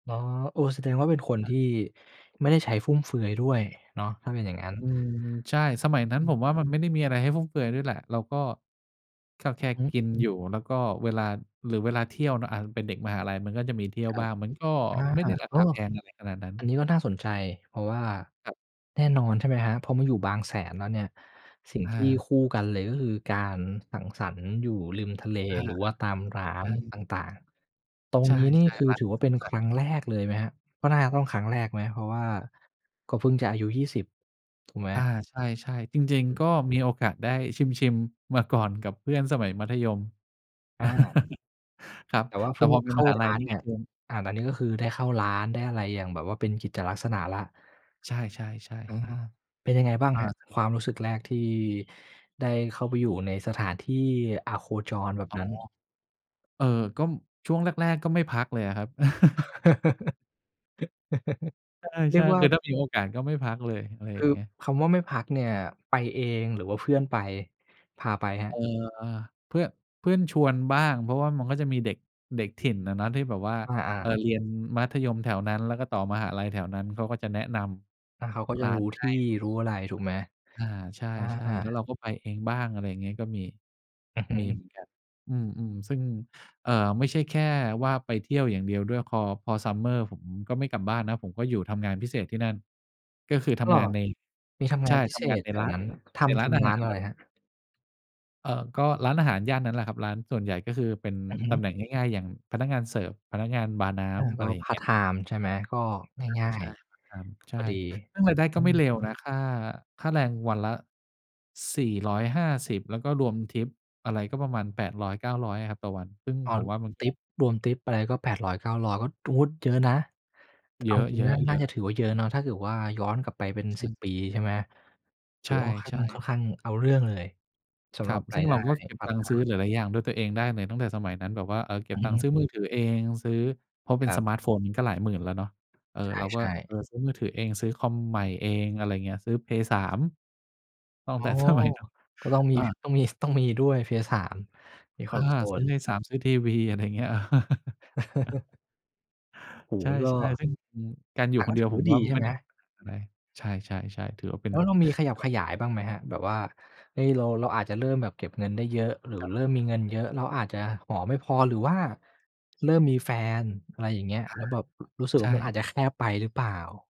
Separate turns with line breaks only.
อ๋อ เออ แสดงว่าเป็นคนท
อะ
ี่ไม่ได้ใช้ฟุ่มเฟือยด้วยเนาะ ถ้าเป็นอย่างงั้น
อืม ใช่ สมัยนั้
อ
น
ื
ผ
ม
มว่ามันไม่ได้มีอะไรให้ฟุ่มเฟือยด้วยแหละ เราก็ ก็
อ
แค
ือ
่
ฮึ
กินอยู่ แล้วก็เวลา หรือเวลาเที่ยวเนาะ อา เป็นเด็กมหาลัยมันก็จะมีเที่ยว
ครั
บ
บ
้าง มันก็
อ
ไม่ได้
า
รา
ก
คา
็
แพงอะไรขนาดนั้น
อันนี้ก็น่าสนใจ เพราะว่า
ครับ
แน่นอน ใช่ไหมครับ พอมาอยู่บางแสนแล้วเนี่ย สิ่ง
อ
ที่
า
คู่กันเลย ก็คือการสังสรรค์อยู่ริมทะเล
อา
หรือว่าตามร้า
ใช
น
่
ต่าง ๆ ตร
ใ
ง
ช
นี้นี่
่
คื
ๆ
อ
บาง
ถื
ค
อว่า
น
เป็น
ขนา
ค
ด
รั
นี
้
้
งแรกเลยไหมครับ? ก็น่าจะต้องครั้งแรกไหม? เพราะว่าก็เพิ่งจะอายุ 20 ถูกไหม?
อา ใช่ ๆ จริง ๆ ก็มีโอกาสได้ชิม ๆ มาก่อน กับเพื่อนสมัยมัธยม
อา อะ
ครับ
แต่ว่า
แต
ฟ
่
ึ่ง
พอเป็
เ
น
ข้
ม
า
หา
ร
ลั
้
ย
าน
นี่
เนี่ย
คือ
อ่า แล้วนี่ก็คือได้เข้าร้าน ได้อะไรอย่างแบบว่าเป็นกิจลักษณะแล้ว
ใช่ ๆ
อือ
ๆ
ๆ เป็นยังไงบ้าง
ๆ อ
ครับ
า
ความรู้สึกแรกที่ได้เข้าไปอยู่ในสถานที่อโคจรแบบ
อ๋อ
นั้น?
เอ่อ ก็ช่วงแรก ๆ ก็ไม่พักเลยอะครับ ใ
เรี
ช
ย
่
กว่
ๆ
า
คือถ้ามีโอกาสก็ไม่พักเลย อะไร
ค
อย่
ื
าง
อ
เงี้ย
คำว่าไม่พักเนี่ย ไปเองหรือว่าเพื่อนไป พาไปครับ?
เอ่อ เพื่อน เพื่อนชวนบ้าง เพราะว่ามันก็จะมีเด็ก เด็กถิ่นอะเนาะ ที่แบบว่า
อา ๆ
เอ่อ เรียนมัธยมแถวนั้น แล้วก็ต่อมหาลัยแถวนั้น เขาก็จะแนะน
แล้วเขาก็
ำ
จ
ร
ะ
้า
ร
น
ู้ท
ให
ี
้
่ รู้อะไรถูกไหม?
อา ใช
อ
่
า
ๆ แล้ว
ๆ
เราก็ไปเองบ้าง อะไรอย่างเงี้ย ก็มี
อือฮ
มี
ึ
เหมือนกัน อืม ๆ ซึ่ง เอ่อ ไม่ใช่แค่ว่าไปเที่ยวอย่างเดียวด้วย คอ พอ summer ผมก็ไม่กลับบ้านนะ ผมก็อยู่ทำงานพิเศษที่นั่น ก็คือท
อ้อ
ำงานใน
มีทำง
ใช
า
่
นพิ
ท
เศ
ำงาน
ษ
ใน
แถ
ร้
ว
าน
นั้น ท
ในร
ำ
้
ท
านอา
ำร้
ห
า
า
น
ร
อะ
นั
ไ
่
ร
นแหละ
ครับ?
เอ่อ ก็ร้านอาหารย่านนั้นแหละครับ ร้านส่วนใหญ่ก็คือเป็น
อือฮ
ตำ
ึ
แหน่งง่าย ๆ อย่าง พนักงานเสิร์ฟ พนักงานบาร์น้
อา
ำ อ
ก
ะ
็
ไรอย่า
พ
งเ
าร
ง
์ต
ี้ย
ไทม์ใช่ไหม? ก็ง่าย
อา ใ
ๆ พ
ช
อ
่
ดี
พาร์ตไทม์ ใช่ ซึ่งรายได้
อ
ก
ื
็ไม่
ม
เลวนะ ค่า ค่าแรงวันละ 450 แล้วก็รวมทิปอะไร ก็ประมาณ 800-900 อะครับ ต่อวัน ซึ่ง
อ๋อ
ผมว่ามัน
ท
ก็
ิป รวมทิปอะไรก็ 800-900 ก็ ด เยอะนะ เ
เย
อา
อ
จริง ๆ น่า น่าจ
ะ
ะ
ๆ ๆ
ถือว่าเยอะเนาะ ถ้าเกิดว่าย้อนกลับไปเป็น
ใช
สิ
่
บ ปี ใช่ไหม? ถ
ใ
ื
ช
อ
่
ว่าค่อนข้าง ค่อ
ๆ
นข้างเอาเรื่องเลยส
ค
ำหร
รั
ับ
บ
ร
ซึ
า
่
ย
ง
ไ
เ
ด
ร
้
าก็เก็บ
พาร
ต
์ต
ัง
ไท
ค์ซื้อ
ม์
หลาย ๆ อย่างด้วยตัวเองได้เลย ตั้งแต่สมัยนั้น แบบว่า เออ เก็
อ
บ
ือ
ตัง
ฮ
ค์
ึ
ซื้อมือถือเอง ซื้อ เพราะเป
ค
็
ร
น
ั
ส
บ
มาร์ตโฟนมันก็หลายหมื่นแล้วเนาะ เออ
ใ
เราก็
ช่
เอ
ๆ
อ ซื้อมือถือเอง ซื้อคอมใหม่เอง อะไรอย่างเงี้ย ซื้อ Play3 ตั้ง
อ๋
แต
อ
่ สมัย นู้น
ก็ต้องมี
อา
ต้องมี ส ต้องมีด้วย Play3 มี
อา ซื้อ
console
Play3 ซื้อทีวี อะไรอย่างเงี้ย
โอ้
ใช
โฮ
่
ก็
ๆ ซึ่ง อืม การอย
แ
ู
ต
่
่
ค
ก
น
็
เดี
ถ
ย
ื
ว
อ
ผ
ว่
ม
าด
ว่า
ีใช่
ไม่
ไห
ไ
ม?
ด้เป็นปัญหาอะไร ใช่ ๆ ๆ ถือว่าเป็
แ
น
ล้วเรามีขยับขยายบ้างไหมครับ? แบบว่า เอ๊ เรา เราอาจจะเริ่มแบบเก็บเงินได้เยอะ หรือ
ครับ
เริ่มมีเงินเยอะ เราอาจจะหอไม่พอ หรือว่าเริ่มมีแฟน อะไรอย่างเงี้ย
อา
แล้วแบบ ร รู้สึก
ใช
ว่ามันอาจ
่
จะแคบไปหรือเปล่า?